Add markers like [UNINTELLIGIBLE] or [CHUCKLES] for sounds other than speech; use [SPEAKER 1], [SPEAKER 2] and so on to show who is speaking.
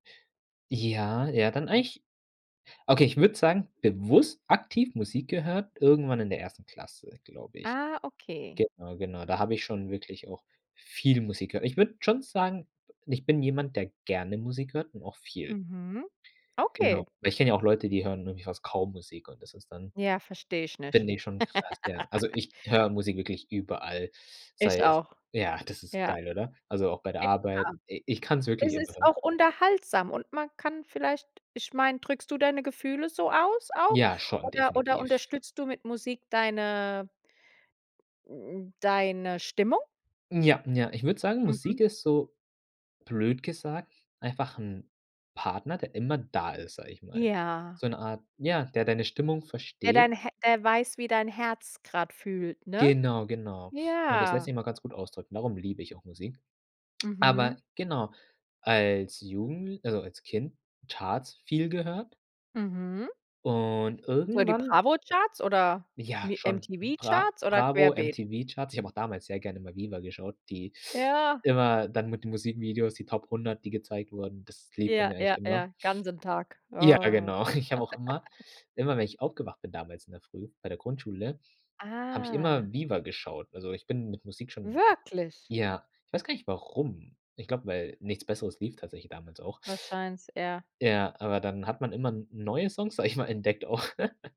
[SPEAKER 1] Ja, ja, dann eigentlich okay, ich würde sagen, bewusst aktiv Musik gehört irgendwann in der 1. Klasse, glaube ich.
[SPEAKER 2] Ah, okay.
[SPEAKER 1] Genau, genau, da habe ich schon wirklich auch viel Musik gehört. Ich würde schon sagen, ich bin jemand, der gerne Musik hört und auch viel.
[SPEAKER 2] Mhm,
[SPEAKER 1] Genau.
[SPEAKER 2] okay.
[SPEAKER 1] Ich kenne ja auch Leute, die hören wirklich fast kaum Musik und das ist dann
[SPEAKER 2] Ja, verstehe ich nicht.
[SPEAKER 1] finde ich schon krass, ja. Also,
[SPEAKER 2] [LAUGHS]
[SPEAKER 1] ich höre Musik wirklich überall,
[SPEAKER 2] Ich
[SPEAKER 1] sei es
[SPEAKER 2] auch.
[SPEAKER 1] ja, das ist
[SPEAKER 2] Ja.
[SPEAKER 1] geil, oder? Also, auch bei der Arbeit,
[SPEAKER 2] [UNINTELLIGIBLE]
[SPEAKER 1] i ich kann es wirklich
[SPEAKER 2] Es
[SPEAKER 1] immer
[SPEAKER 2] ist
[SPEAKER 1] hören.
[SPEAKER 2] auch unterhaltsam und man kann vielleicht ich meine, drückst du deine Gefühle so aus auch?
[SPEAKER 1] Ja, schon
[SPEAKER 2] Oder oder
[SPEAKER 1] definitiv.
[SPEAKER 2] unterstützt du mit Musik deine hm, deine Stimmung?
[SPEAKER 1] Ja, ja, ich würde sagen,
[SPEAKER 2] Mhm.
[SPEAKER 1] Musik ist so, blöd gesagt, einfach 'n Partner, der immer da ist, sage ich mal.
[SPEAKER 2] Ja.
[SPEAKER 1] So 'ne Art ja, der deine Stimmung
[SPEAKER 2] Wer
[SPEAKER 1] versteht.
[SPEAKER 2] dein He wer weiß, wie dein Herz gerade fühlt, ne?
[SPEAKER 1] Genau, genau. Und das lässt
[SPEAKER 2] Ja.
[SPEAKER 1] sich mal ganz gut ausdrücken, darum liebe ich auch Musik. Aber
[SPEAKER 2] Mhm.
[SPEAKER 1] genau, als Jugendl also, als Kind, Charts viel gehört
[SPEAKER 2] Mhm.
[SPEAKER 1] und
[SPEAKER 2] [UNINTELLIGIBLE] die
[SPEAKER 1] irgendwann
[SPEAKER 2] Bravo-Charts oder
[SPEAKER 1] Ja,
[SPEAKER 2] Mi
[SPEAKER 1] schon, Bra
[SPEAKER 2] MTV-Charts oder
[SPEAKER 1] Bravo,
[SPEAKER 2] querbeet?
[SPEAKER 1] MTV-Charts. Ich habe auch damals sehr gerne mal VIVA geschaut, die
[SPEAKER 2] Ja.
[SPEAKER 1] immer dann mit den Musikvideos, die Top 100, die gezeigt wurden. Das lief bei
[SPEAKER 2] Ja,
[SPEAKER 1] mir eigentlich
[SPEAKER 2] ja,
[SPEAKER 1] immer.
[SPEAKER 2] ja, ganzen Tag,
[SPEAKER 1] Ja,
[SPEAKER 2] oh.
[SPEAKER 1] genau. [CHUCKLES] Ich habe auch immer
[SPEAKER 2] [GIGGLES]
[SPEAKER 1] immer, wenn ich aufgewacht bin damals in der Früh bei der Grundschule, habe ich
[SPEAKER 2] Ah.
[SPEAKER 1] immer VIVA geschaut. Also, ich bin mit Musik schon
[SPEAKER 2] Wirklich?
[SPEAKER 1] ja, ich weiß gar nicht, warum. Ich glaube, weil nichts Besseres lief tatsächlich damals auch.
[SPEAKER 2] Wahrscheinlich eher.
[SPEAKER 1] Ja, aber dann hat man immer n neue Songs, sage ich mal, entdeckt auch. [CHUCKLES]